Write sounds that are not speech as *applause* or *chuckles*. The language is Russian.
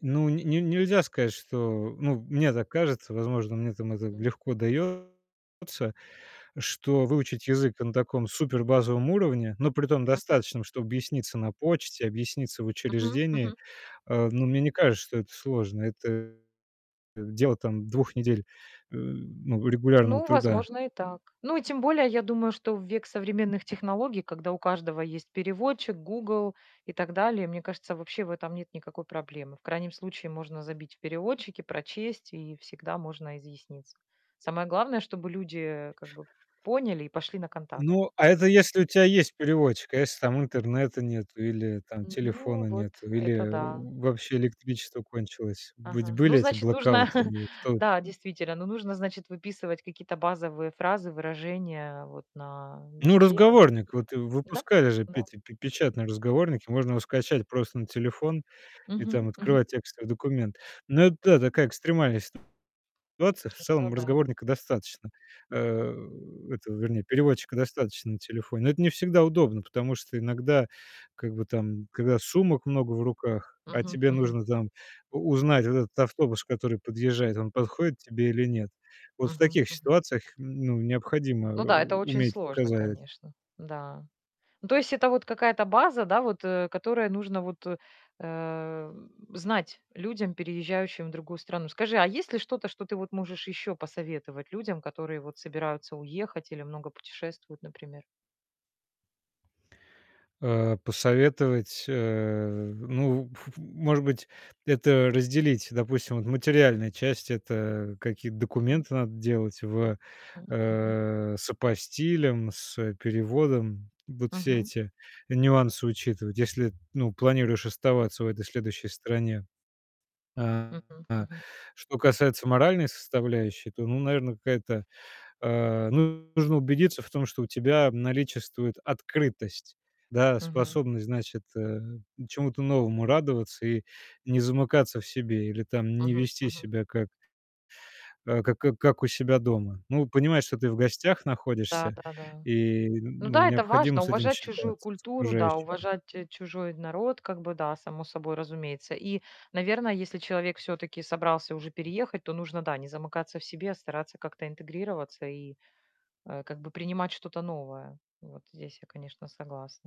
Ну, н не нельзя сказать, что ну, мне так кажется, возможно, мне, там, это М. легко даётся, что выучить язык на таком супербазовом уровне, но при том Мгм. достаточном, чтобы объясниться на почте, объясниться в Мгм, учреждении, мгм. э, ну, мне не кажется, что это сложно, это дело, там, 2 недель, э, ну, регулярного Ну, труда. возможно, и так. Ну и тем более, я думаю, что в век современных технологий, когда у каждого есть переводчик, "Гугл" и так далее, мне кажется, вообще в этом нет никакой проблемы. В крайнем случае, можно забить в переводчике, прочесть и всегда можно изъясниться. Самое главное, чтобы люди как бы поняли и пошли на контакт. Ну, а это если у тя есть переводчик. А если, там, интернета нету или, там, телефона Ну вот, нету, это или да. вообще электричество кончилось. Ведь Ага. Ну, были эти значит, нужно блэкауты *chuckles* и в То да, действительно. Ну, нужно, значит, выписывать какие-то базовые фразы, выражения вот на ну, листе. разговорник. Вот Да, выпускали же, да. Петя, пе печатные разговорники, можно его скачать просто на телефон и, Мгм, там, мгм. открывать текстовый документ. Но это, да, такая экстремальная ситуация. В Ну целом да. разговорника достаточно, э, этого, вернее, переводчика достаточно на телефоне, но это не всегда удобно, потому что иногда, как бы, там, когда сумок много в руках, а Мгм, тебе мгм. нужно, там, у узнать вот этот автобус, который подъезжает, он подходит тебе или нет. Вот в Мгм, таких мгм. ситуациях, ну, необходимо Ну да, это у очень уметь сложно, показать. конечно, да. Ну, то есть это вот какая-то база, да, вот, э, которая нужно вот, э, знать людям, переезжающим в другую страну. Скажи, а есть ли что-то, что ты вот можешь ещё посоветовать людям, которые вот собираются уехать или много путешествуют, например? Э, посоветовать, э, ну, ф ф может быть, это разделить. Допустим, вот материальная часть- это какие-то Ага. документы надо делать в Мгм, мгм. э, с апостилем, с переводом. Вот все Мгм. эти нюансы учитывать, если, ну, планируешь оставаться в этой следующей стране. А Мгм, мгм. что касается моральной составляющей, то, ну, наверное, какая-то, э, ну, нужно убедиться в том, что у тебя наличествует открытость, да, Мгм. способность, значит, э, чему-то новому радоваться и не замыкаться в себе или там не Мгм, вести мгм. себя как э, как как у себя дома. Ну, понимать, что ты в гостях Да, находишься, да, да. и Ну ну, да, это необходимо важно- с этим уважать чужую считаться, с культуру, да, окружающими. уважать чужой народ, как бы, да, само собой разумеется. И, наверное, если человек всё-таки собрался уже переехать, то нужно, да, не замыкаться в себе, а стараться как-то интегрироваться и, э, как бы принимать что-то новое. Вот здесь я, конечно, согласна.